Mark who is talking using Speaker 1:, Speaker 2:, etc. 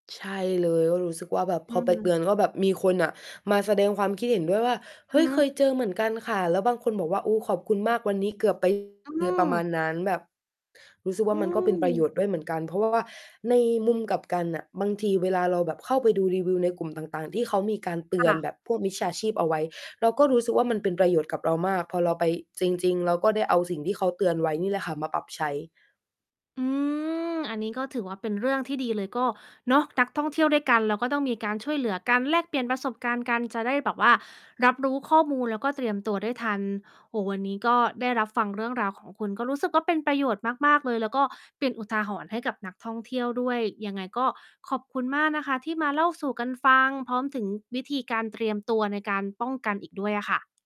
Speaker 1: ใช่เลย ก็รู้สึกว่าแบบ
Speaker 2: อ
Speaker 1: พ
Speaker 2: ื
Speaker 1: อไปเตื
Speaker 2: ม
Speaker 1: อน ก็แบบมีคนน่ะมาแสดงความคิดเห็นด้วยว่า
Speaker 2: อ
Speaker 1: "เฮ
Speaker 2: ะ
Speaker 1: ้ย
Speaker 2: ฮ
Speaker 1: เคย
Speaker 2: ะ
Speaker 1: เจอเหมือนกันค่ะ" แล้วบางคนบอกว่า "โอ้ ขอบคุณมาก วันนี้เกือบ ไป"
Speaker 2: อื้อ
Speaker 1: ค
Speaker 2: ฮ
Speaker 1: ื
Speaker 2: ื
Speaker 1: อประมา
Speaker 2: อ
Speaker 1: ณนั้น แบบรู้สึกว่
Speaker 2: อื
Speaker 1: ามันก็เป็นประโย
Speaker 2: ม
Speaker 1: ชน์ด้วยเหมือนกัน เพราะ ว่า ว่าในมุมกลับกันน่ะ บางทีเวลาเราแบบเข้าไปดูรีวิวในกลุ่มต่าง ๆ ที่เขามีการเต
Speaker 2: ค
Speaker 1: ือ
Speaker 2: ่
Speaker 1: น
Speaker 2: ะ
Speaker 1: แบบพวกมิจฉาชีพเอาไว้ เราก็รู้สึกว่ามันเป็นประโยชน์กับเรามาก พอเราไป จริง ๆ เราก็ได้เอาสิ่งที่เขาเตือนไว้นี่แหละค่ะ มาปรับใช้
Speaker 2: อืม อันนี้ก็ถือว่าเป็นเรื่องที่ดีเลย ก็เนาะ นักท่องเที่ยวด้วยกัน เราก็ต้องมีการช่วยเหลือกัน แลกเปลี่ยนประสบการณ์กัน จะได้แบบว่ารับรู้ข้อมูล แล้วก็เตรียมตัวได้ทัน โอ้โฮ วันนี้ก็ได้รับฟังเรื่องราวของคุณ ก็รู้สึกว่าเป็นประโยชน์มาก ๆ เลย แล้วก็เป็นอุทาหรณ์ให้กับนักท่องเที่ยวด้วย ยังไงก็ขอบคุณมากนะคะ ที่มาเล่าสู่กันฟัง พร้อมถึงวิธีการเตรียมตัวในการป้องกันอีกด้วยอะค่ะ